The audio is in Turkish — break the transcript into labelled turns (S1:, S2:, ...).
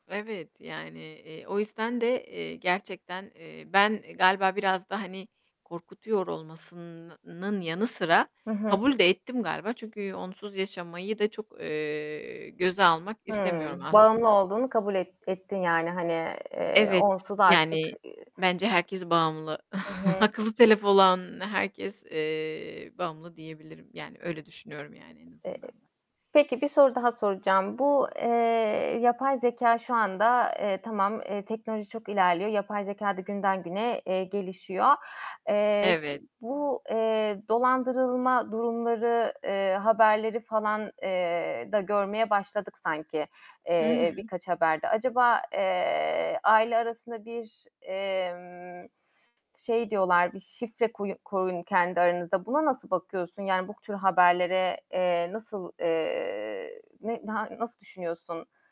S1: Evet, yani, eee, o yüzden de, eee, gerçekten, eee, ben galiba biraz da, hani, korkutuyor olmasın nın yanı sıra
S2: Hı hı.
S1: kabul de ettim galiba çünkü onsuz yaşamayı da çok, eee, göze almak istemiyorum
S2: Hımm.
S1: aslında.
S2: Bağımlı olduğunu kabul et ettin yani, hani, eee,
S1: Evet,
S2: onsuz artık,
S1: yani,
S2: eee
S1: bence herkes bağımlı.
S2: Hı hı.
S1: Akıllı telefon olan herkes, eee, bağımlı diyebilirim yani öyle düşünüyorum yani en
S2: Eee,
S1: azından ben.
S2: peki bir soru daha soracağım. Bu, eee, yapay zekâ şu anda, eee, tamam, eee, teknoloji çok ilerliyor. Yapay zekâ da günden güne, eee, gelişiyor. Eee, s
S1: Evet.
S2: bu, eee, dolandırılma durumları, eee, haberleri falan, eee, da görmeye başladık sanki,
S1: Hı
S2: eee,
S1: hı.
S2: birkaç haberde. Acaba, eee, aile arasında bir, emm, şey diyorlar, bir şifre koy koyun kendi aranızda. Buna nasıl bakıyorsun? Yani bu k tür haberlere, eee, nasıl, eee, ne na ha nasıl düşünüyorsun?